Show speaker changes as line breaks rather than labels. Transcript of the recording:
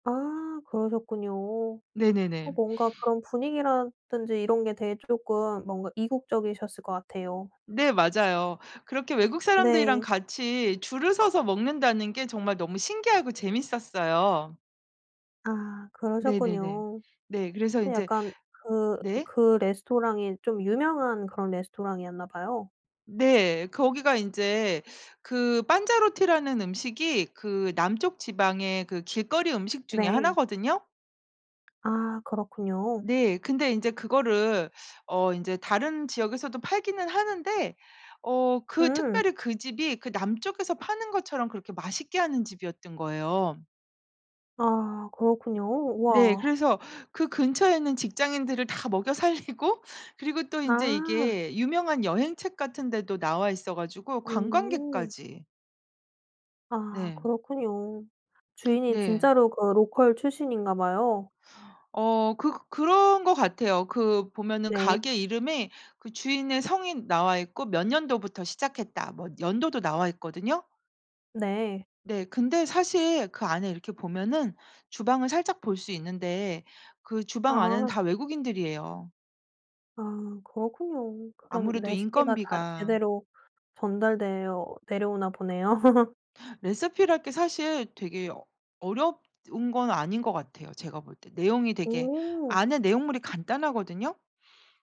아 그러셨군요. 어
네네네.
뭔가 그런 분위기라든지 이런 게 되게 쪼끔 뭔가 이국적이셨을 것 같아요.
네. 맞아요. 그렇게 외국 사람들이랑
네.
같이 줄을 서서 먹는다는 게 정말 너무 신기하고 재밌었어요.
아
네네네.
그러셨군요.
네. 그래서
근데
인제
약간 그
네.
그 레스토랑이 좀 유명한 그런 레스토랑이었나 봐요.
네. 거기가 인제 그 판자로티라는 음식이 그 남쪽 지방의 그 길거리 음식 중에
네.
하나거든요.
아 그렇군요.
네. 근데 인제 그거를 어 인제 다른 지역에서도 팔기는 하는데 어 그
음.
특별히 그 집이 그 남쪽에서 파는 것처럼 그렇게 맛있게 하는 집이었던 거예요.
아 그렇군요.
네.
우와.
그래서 그 근처에 있는 직장인들을 다 먹여 살리고, 그리고 또 인제
아.
이게 유명한 여행책 같은 데도 나와 있어 가지고
오.
관광객까지.
아
네.
그렇군요. 주인이
네.
진짜로 그 로컬 출신인가 봐요.
어 그 그런 것 같아요. 그 보면은
네.
가게 이름에 그 주인의 성이 나와 있고 "몇 년도부터 시작했다." 뭐 연도도 나와 있거든요.
네.
네. 근데 사실 그 안에 이렇게 보면은 주방을 살짝 볼 수 있는데 그 주방 안에는
아.
다 외국인들이에요.
아 그렇군요. 그런
아무래도
레시피가 잘
인건비가.
제대로 전달되어 내려오나 보네요.
레시피랄 게 사실 되게 어 어렵 운 건 아닌 것 같아요, 제가 볼 때. 내용이 되게
오.
안에 내용물이 간단하거든요.